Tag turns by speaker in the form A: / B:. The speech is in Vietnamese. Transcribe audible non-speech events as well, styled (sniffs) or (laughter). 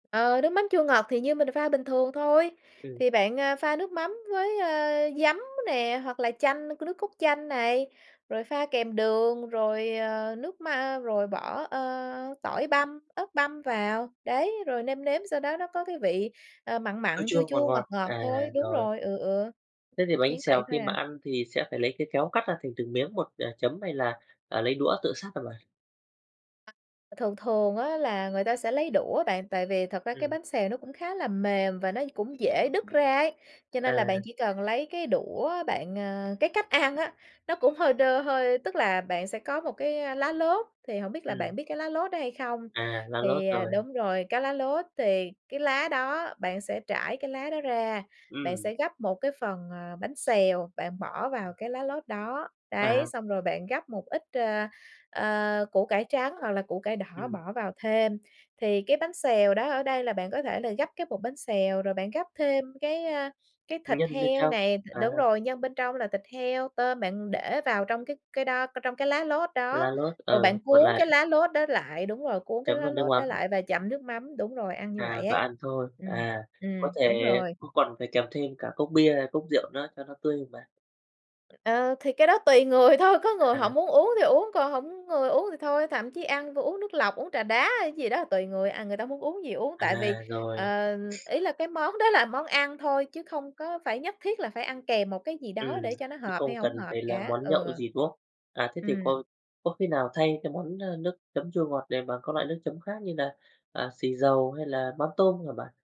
A: Ờ, nước mắm chua ngọt thì như mình pha bình thường thôi.
B: Ừm.
A: Thì bạn, à, pha nước mắm với, ơ, giấm nè, hoặc là chanh, n nước cốt chanh này, rồi pha kèm đường, rồi, ờ, nước, ma rồi bỏ, ơ, tỏi băm, ớt băm vào. Đấy. Rồi nêm nếm, sau đó nó có cái vị, à, mặn
B: Chua
A: mặn, chua
B: chua ngọt
A: chua, ngọt
B: ngọt,
A: ngọt
B: à,
A: thôi. Đúng
B: rồi.
A: rồi. Ừ, ừ,
B: Thế
A: ừm,
B: thì bánh
A: chỉ vậy
B: xèo
A: thôi
B: khi
A: à.
B: mà ăn thì sẽ phải lấy cái kéo cắt ra thành từng miếng, hoặc là chấm hay là, à, lấy đũa tự xắt hả bạn?
A: À, thường thường á, là người ta sẽ lấy đũa bạn, tại vì thật ra cái
B: Ừm.
A: bánh xèo nó cũng khá là mềm và nó cũng dễ đứt ra ấy, cho nên là bạn
B: À.
A: chỉ cần lấy cái đũa bạn, ờ cái cách ăn á, nó cũng hơi đơ hơi tức là bạn sẽ có một cái, ơ, lá lốt. Thì hổng biết là bạn
B: Ừm.
A: biết cái lá lốt đó hay không?
B: À, lá lốt,
A: Thì, à
B: rồi.
A: đúng rồi, cái lá lốt, thì cái lá đó bạn sẽ trải cái lá đó ra, bạn
B: Ừm.
A: sẽ gắp một cái phần, ờ, bánh xèo bạn bỏ vào cái lá lốt đó. Đấy,
B: À.
A: xong rồi bạn gắp một ít, ờ, ờ, củ cải trắng hoặc là củ cải đỏ
B: Ừm.
A: bỏ vào thêm. Thì cái bánh xèo đó ở đây là bạn có thể là gắp cái bột bánh xèo, rồi bạn gắp thêm cái, a, cái thịt
B: Nhân bên
A: heo
B: trong,
A: này, đ
B: à.
A: đúng rồi, nhân bên trong là thịt heo, tôm. Bạn để vào trong cái cái đó trong cái lá lốt đó,
B: Lá lốt,
A: rồi bạn
B: ờ, cuộn
A: cuốn cái
B: lại.
A: lá lốt đó lại, đúng rồi, cuốn cái
B: Chấm
A: lá
B: với nước
A: lốt
B: mắm.
A: đó lại và chấm nước mắm. Đúng rồi, ăn như vậy
B: À, và
A: ấy.
B: ăn thôi.
A: Ừm,
B: À, có
A: ừm,
B: thể
A: đúng rồi.
B: có còn phải kèm thêm cả cốc bia, cốc rượu nữa cho nó tươi không bạn?
A: Ờ. Thì cái đó tùy người thôi. Có người họ
B: À.
A: muốn uống thì uống, còn hổng người uống thì thôi. Thậm chí ăn vô uống nước lọc, uống trà đá hay gì đó tùy người, à, người ta muốn uống gì uống. Tại vì,
B: À, rồi.
A: ờ,
B: (sniffs)
A: ý là cái món đó là món ăn thôi, chứ không có phải nhất thiết là phải ăn kèm một cái gì
B: Ừm,
A: đó để cho nó
B: cũng
A: hợp hay
B: không
A: hổng
B: cần
A: hợp
B: phải là
A: cả.
B: món
A: Ừ.
B: nhậu gì, đúng không? À, thế thì
A: Ừm.
B: có có khi nào thay cái món, ờ, nước chấm chua ngọt này bằng các loại nước chấm khác như là, à, xì dầu hay là mắm tôm hả bạn?